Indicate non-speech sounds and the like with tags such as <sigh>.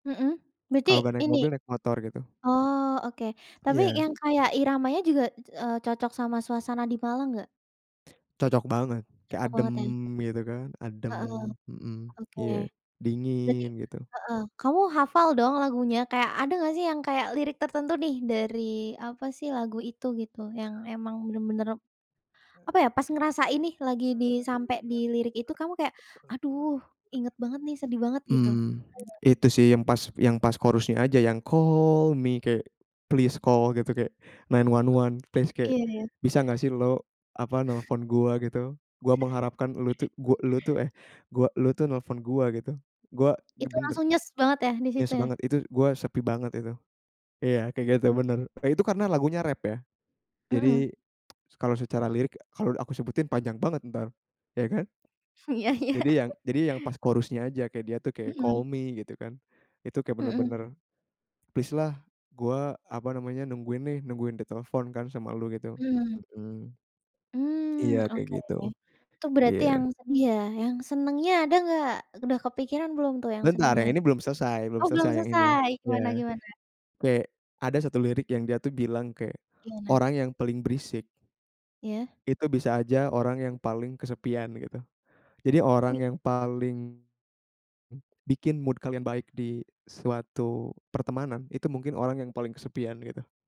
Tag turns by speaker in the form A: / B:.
A: Mhm. Berarti
B: Kalau nggak naik
A: ini?
B: mobil, naik motor gitu.
A: Oh, oke. Tapi
B: Iya.
A: yang kayak iramanya juga, eee, cocok sama suasana di Malang nggak?
B: Cocok banget. Kayak
A: Cocok
B: adem,
A: banget ya.
B: gitu kan. Adem.
A: Heeh.
B: Mhm.
A: Oke.
B: Iya,
A: Berarti
B: dingin gitu.
A: heeh. Kamu hafal dong lagunya, kayak ada nggak sih yang kayak lirik tertentu nih, dari apa sih, lagu itu gitu, yang emang benar-benar apa ya, pas ngerasain nih, lagi di sampai di lirik itu kamu kayak "Aduh inget banget nih, sedih banget," gitu? Hayo.
B: Mmm, <clicks tongue> itu sih, yang pas yang pas chorus-nya aja yang call me, kayak please call gitu, kayak 911 please kayak,
A: Iya ya.
B: "Bisa nggak sih lo," apa,
A: <chuckles>
B: "nelpon gua" gitu. "Gua mengharapkan lo
A: <chuckles>
B: tuh, gu e lo tuh," eh, "gua lo tuh nelpon gua," gitu. "Gua ge
A: Itu
B: benar"
A: langsung nyes banget ya, di situ
B: Yes
A: ya?
B: banget. Itu, "gue sepi banget itu." iya, kayak gitu
A: M
B: benar. E itu karena lagunya rap ya.
A: Mhm.
B: Jadi, s kalau secara lirik kalau aku sebutin panjang banget entar, ya kan.
A: Iya iya.
B: Jadi yang jadi yang pas chorus-nya aja, kayak dia tuh kayak, call
A: Mhm.
B: me, gitu kan. Itu kayak
A: Mhm.
B: benar-benar, "Please lah, gua," apa namanya, "nungguin nih, nungguin ditelepon kan sama lu," gitu.
A: Mhm.
B: Mhm.
A: Mmm,
B: Iya kayak
A: oke.
B: gitu.
A: Itu berarti
B: Iya.
A: yang sedih ya, yang senangnya ada nggak, udah kepikiran belum tuh yang
B: Bentar
A: senengnya?
B: yang ini belum selesai belum
A: Oh belum
B: selesai yang ini,
A: selesai, gimana
B: iya.
A: gimana?
B: Kayak, ada satu lirik yang dia tuh bilang kayak
A: Gimana?
B: "Orang yang paling berisik
A: Iya.
B: itu bisa aja orang yang paling kesepian," gitu. Jadi orang
A: Wuih.
B: yang paling, m bikin mood kalian baik di suatu pertemanan, itu mungkin orang yang paling kesepian gitu.